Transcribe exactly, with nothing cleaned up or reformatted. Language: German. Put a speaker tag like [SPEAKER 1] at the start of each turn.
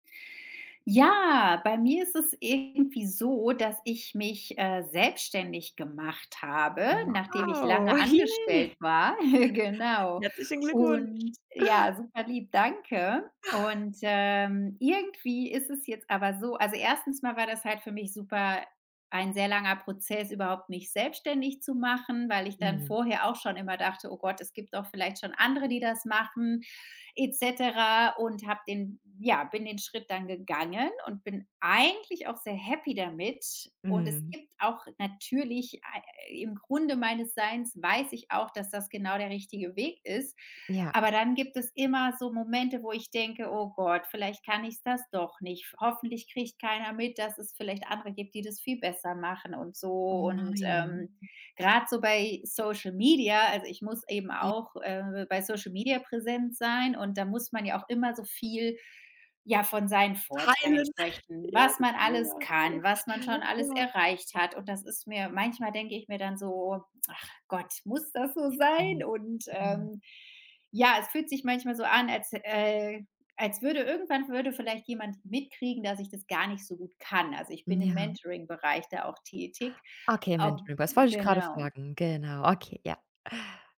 [SPEAKER 1] Ja, bei mir ist es irgendwie so, dass ich mich, äh, selbstständig gemacht habe, nachdem ich
[SPEAKER 2] Wow!
[SPEAKER 1] lange
[SPEAKER 2] Hi
[SPEAKER 1] angestellt war Genau.
[SPEAKER 2] herzlichen Glückwunsch.
[SPEAKER 1] Und ja, superlieb, danke. Und, ähm, irgendwie ist es jetzt aber so also, Erstens mal war das halt für mich super ein sehr langer Prozess, überhaupt mich selbstständig zu machen, weil ich dann
[SPEAKER 2] Mhm.
[SPEAKER 1] vorher auch schon immer dachte: „Oh Gott, es gibt doch vielleicht schon andere, die das machen“, et cetera. Und habe den ja, bin den Schritt dann gegangen und bin eigentlich auch sehr happy damit. Und es
[SPEAKER 2] Mhm.
[SPEAKER 1] gibt auch natürlich ei im Grunde meines Seins weiß ich auch, dass das genau der richtige Weg ist.
[SPEAKER 2] Ja.
[SPEAKER 1] Aber dann gibt es immer so Momente, wo ich denke: „Oh Gott, vielleicht kann ich's das doch nicht. Hoffentlich kriegt keiner mit, dass es vielleicht andere gibt, die das viel besser machen und
[SPEAKER 2] Oh
[SPEAKER 1] so.“ Und,
[SPEAKER 2] nein.
[SPEAKER 1] ähm, grad so bei Social Media also, ich muss eben
[SPEAKER 2] J
[SPEAKER 1] auch, äh, bei Social Media präsent sein und da muss man ja auch immer so viel, ja, von seinen Vorteilen
[SPEAKER 2] Teilen.
[SPEAKER 1] sprechen,
[SPEAKER 2] Ja,
[SPEAKER 1] was man
[SPEAKER 2] ja,
[SPEAKER 1] alles
[SPEAKER 2] ja,
[SPEAKER 1] kann, was man schon
[SPEAKER 2] ja,
[SPEAKER 1] alles
[SPEAKER 2] ja.
[SPEAKER 1] erreicht hat. Und das ist mir manchmal denke ich mir dann so: „Ach Gott, muss das so sein?“
[SPEAKER 2] Ähm,
[SPEAKER 1] Und,
[SPEAKER 2] mhm.
[SPEAKER 1] ähm, ja, es fühlt sich manchmal so an, als äh, als würde irgendwann würde vielleicht jemand mitkriegen, dass ich das gar nicht so gut kann. Also, ich
[SPEAKER 2] M
[SPEAKER 1] bin im
[SPEAKER 2] ja.
[SPEAKER 1] Mentoringbereich da auch tätig
[SPEAKER 2] Okay, im
[SPEAKER 1] ob
[SPEAKER 2] Mentoring, das wollte ich gerade
[SPEAKER 1] genau.
[SPEAKER 2] fragen. Genau, okay, ja.